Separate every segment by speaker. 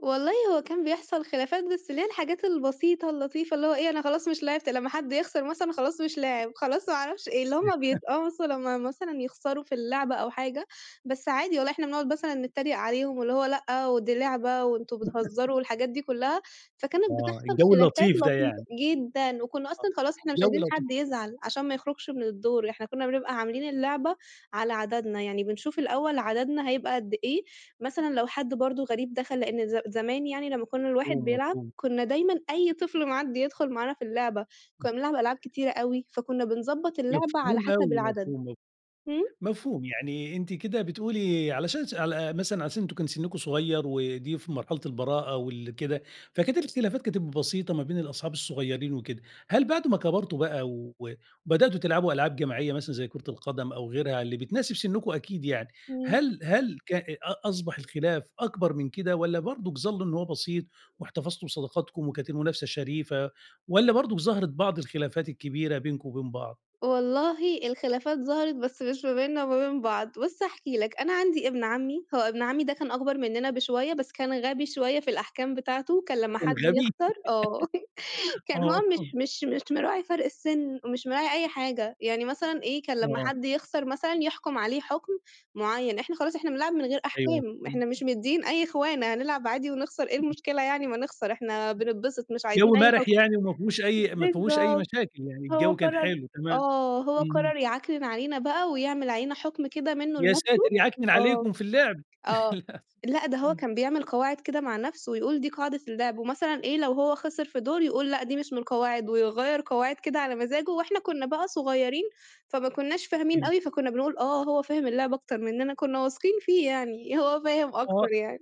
Speaker 1: والله هو كان بيحصل خلافات بس اللي هي الحاجات البسيطة اللطيفة اللي هو إيه، أنا خلاص مش لعبت لمّا حد يخسر مثلًا خلاص مش لاعِب، خلاص ما أعرفش إيه، اللي هم بِيتقمصوا لمّا مثلًا يخسروا في اللعبة أو حاجة، بس عادي والله إحنا بنقعد مثلًا نتّريق عليهم، واللي هو لأ، ودي لعبة وأنتم بِتهزّروا والحاجات دي كُلّها، فكانت
Speaker 2: آه،
Speaker 1: بتحصل
Speaker 2: الجو
Speaker 1: خلافات
Speaker 2: اللطيف ده
Speaker 1: لطيفة.
Speaker 2: يعني.
Speaker 1: جدًا. وكُنّا
Speaker 2: آه،
Speaker 1: أصلًا خلاص إحنا مش
Speaker 2: الجو
Speaker 1: عايزين
Speaker 2: لطي
Speaker 1: حد يزعل عشان ما يخرجش من الدور، إحنا كُنّا بنبقى عاملين اللعبة على عددنا، يعني بنشوف الأول عددنا هيبقى قد إيه؟ مثلًا لو حد برضه غريب دخل، لإن ز زمان يعني لمّا كُنّا الواحد
Speaker 2: مفهوم،
Speaker 1: بيلعب،
Speaker 2: مفهوم.
Speaker 1: كُنّا دايمًا أي طفل معدّي يدخل معانا في اللعبة، كُنّا بنلعب ألعاب كتيرة أوي، فكُنّا بنضبّط اللعبة على
Speaker 2: مفهوم
Speaker 1: حسب
Speaker 2: أوي،
Speaker 1: العدد.
Speaker 2: مفهوم م
Speaker 1: إمم.
Speaker 2: مفهوم. يعني أنتِ كده بتقولي علشان ش على مثلًا عشان أنتم كان سِنُّكم صغير ودي في مرحلة البراءة وال كده، فكانت الاختلافات كانت بسيطة ما بين الأصحاب الصغيرين وكده. هل بعد ما كَبرتوا بقى و بدأتوا تلعبوا ألعاب جماعية، مثلًا زي كرة القدم أو غيرها اللي بتناسب سِنُّكم أكيد يعني،
Speaker 1: إمم.
Speaker 2: هل هل ك أ أصبح الخلاف أكبر من كده والّا برضه ظَلُّوا إنه هو بسيط، واحتفظتوا بصداقتكم وكانت المنافسة شَريفة والّا برضه ظهرت بعض الخلافات الكبيرة بينكم وبين بعض؟
Speaker 1: والله الخلافات ظهرت، بس مش ما بيننا وما بين بعض. بُص هاحكي لك، أنا عندي ابن عمّي، هو ابن عمّي ده كان أكبر منّنا بشوية بس كان غبي شوية في الأحكام بتاعته، كان لمّا
Speaker 2: كان
Speaker 1: حد
Speaker 2: غبي؟
Speaker 1: يخسر آه. كان هو
Speaker 2: آه.
Speaker 1: مش مش مش مراعي فرق السِن، مش مراعي أي حاجة، يعني مثلًا إيه، كان لمّا
Speaker 2: آه.
Speaker 1: حد يخسر مثلًا يحكُم عليه حُكم مُعيّن، إحنا خلاص إحنا بنلعب من غير
Speaker 2: أيوه
Speaker 1: أحكام،
Speaker 2: مفهوم.
Speaker 1: إحنا مش مدِّيين أي خِوانَة هنلعب عادي ونخسر إيه المشكلة يعني، ما نخسر إحنا بِننبِسِط، مش
Speaker 2: جَو
Speaker 1: عايزين أي
Speaker 2: مَرِح
Speaker 1: حُكم.
Speaker 2: يعني وما فيهوش أي ما فيهوش أي
Speaker 1: بالضبط.
Speaker 2: مشاكل. يعني
Speaker 1: هو
Speaker 2: الجَو كان
Speaker 1: قرّر
Speaker 2: حلو، تمام.
Speaker 1: آه، هو
Speaker 2: اهم.
Speaker 1: قرّر يِعكنِن علينا بقى ويعمل علينا حُكم كده منّه
Speaker 2: يا
Speaker 1: لنفسه
Speaker 2: ساتِر! يِعكنِن
Speaker 1: آه،
Speaker 2: عليكم في اللعب.
Speaker 1: آه،
Speaker 2: للأسف
Speaker 1: لأ ده هو
Speaker 2: إمم.
Speaker 1: كان بيعمل قواعد كده مع نفسه ويقول دي قاعدة اللعب. ومثلًا إيه، لو هو خسر في دور يقول لأ دي مش من القواعد ويغيّر قواعد كده على مزاجه وإحنا كُنّا بقى صغيرين، فما كُنّاش فاهمين
Speaker 2: إمم.
Speaker 1: أوي، فكُنّا بنقول آه هو فاهم اللعبة أكتر منّنا، كُنّا واثقين فيه يعني، هو فاهم أكتر
Speaker 2: آه.
Speaker 1: يعني.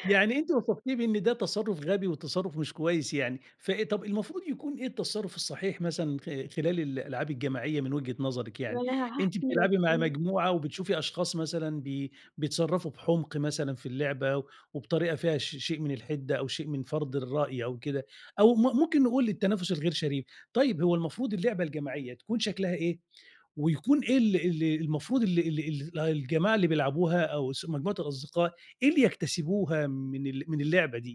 Speaker 2: يعني أنتِ وصفتيه بإن ده تصرُّف غبي وتصرُّف مش كويس يعني، فإيه طب المفروض يكون إيه التصرُّف الصحيح مثلًا خ خلال الألعاب الجماعية، من وجهة نظرِك
Speaker 1: ما
Speaker 2: يعني؟
Speaker 1: أنا ه
Speaker 2: أنتِ
Speaker 1: هاحكي لك،
Speaker 2: بتلعبي مع
Speaker 1: إمم.
Speaker 2: مجموعة وبتشوفي أشخاص مثلًا بي بيتصرّفوا بحُمق مثلًا في اللعبة وبطريقة فيها ش شيء من الحِدّة أو شيء من فَرْض الرأي أو كده أو م ممكن نقول التنافس الغير شريف. طيب، هو المفروض اللعبة الجماعية تكون شكلها إيه؟ ويكون إيه ال ال المفروض ال ال ال الجماعة اللي بيلعبوها أو س مجموعة الأصدقاء، إيه اللي يكتسبوها من ال من اللعبة دي؟